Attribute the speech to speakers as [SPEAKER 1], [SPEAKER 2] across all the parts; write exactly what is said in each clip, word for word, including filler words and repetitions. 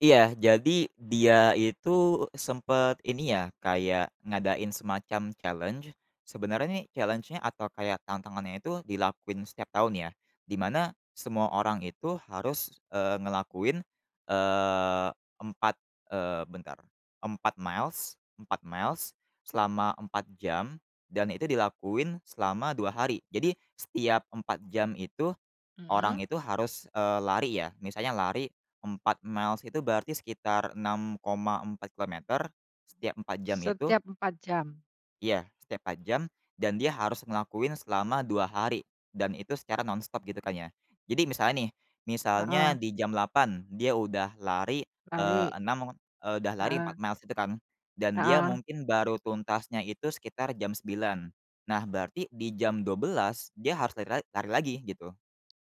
[SPEAKER 1] Iya, jadi dia itu sempet ini ya kayak ngadain semacam challenge, sebenarnya nih challenge-nya atau kayak tantangannya itu dilakuin setiap tahun ya, di mana semua orang itu harus, eee, ngelakuin, eee, empat, eee, bentar empat miles, empat miles selama empat jam dan itu dilakuin selama dua hari. Jadi setiap empat jam itu
[SPEAKER 2] Mhm.
[SPEAKER 1] orang itu harus, eee, lari ya. Misalnya lari empat miles itu berarti sekitar enam koma empat kilometer setiap empat jam itu
[SPEAKER 2] Setiap empat jam.
[SPEAKER 1] Iya setiap empat jam dan dia harus ngelakuin selama dua hari dan itu secara nonstop gitu kan ya. Jadi misalnya nih, misalnya
[SPEAKER 2] Heeh.
[SPEAKER 1] di jam delapan dia udah lari, eee,
[SPEAKER 2] Lari.
[SPEAKER 1] enam udah lari empat
[SPEAKER 2] Heeh.
[SPEAKER 1] miles itu kan, dan dia
[SPEAKER 2] Heeh.
[SPEAKER 1] mungkin baru tuntasnya itu sekitar jam sembilan. Nah berarti di jam dua belas dia harus lari la lari lagi, gitu.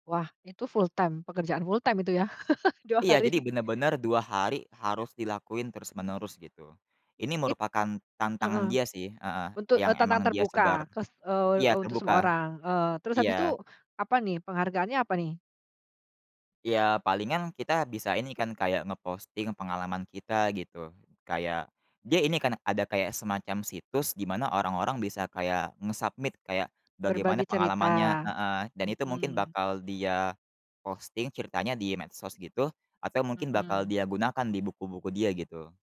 [SPEAKER 2] Wah itu full-time? Pekerjaan full-time itu ya? dua
[SPEAKER 1] Iya,
[SPEAKER 2] hari.
[SPEAKER 1] jadi bener-bener dua hari harus dilakuin terus-menerus gitu, ini
[SPEAKER 2] It
[SPEAKER 1] merupakan tantangan
[SPEAKER 2] heeh.
[SPEAKER 1] dia sih, heeh,
[SPEAKER 2] Untuk,
[SPEAKER 1] yang
[SPEAKER 2] eee, tantangan
[SPEAKER 1] emang dia sebar.
[SPEAKER 2] terbuka, kes eee
[SPEAKER 1] Iya
[SPEAKER 2] eee, untuk semua
[SPEAKER 1] terbuka,
[SPEAKER 2] orang, eee, terus habis itu
[SPEAKER 1] iya.
[SPEAKER 2] apa nih? Penghargaannya apa nih?
[SPEAKER 1] Iya palingan kita bisa ini kan kayak nge-posting pengalaman kita gitu. Kayak dia ini kan ada kayak semacam situs di mana orang-orang bisa kayak nge-submit kayak,
[SPEAKER 2] Berbagi
[SPEAKER 1] bagaimana pengalamannya
[SPEAKER 2] cerita,
[SPEAKER 1] heeh. Dan itu mungkin
[SPEAKER 2] mhm.
[SPEAKER 1] bakal dia posting ceritanya di medsos gitu atau mungkin bakal
[SPEAKER 2] Mhm.
[SPEAKER 1] dia gunakan di buku-buku dia gitu.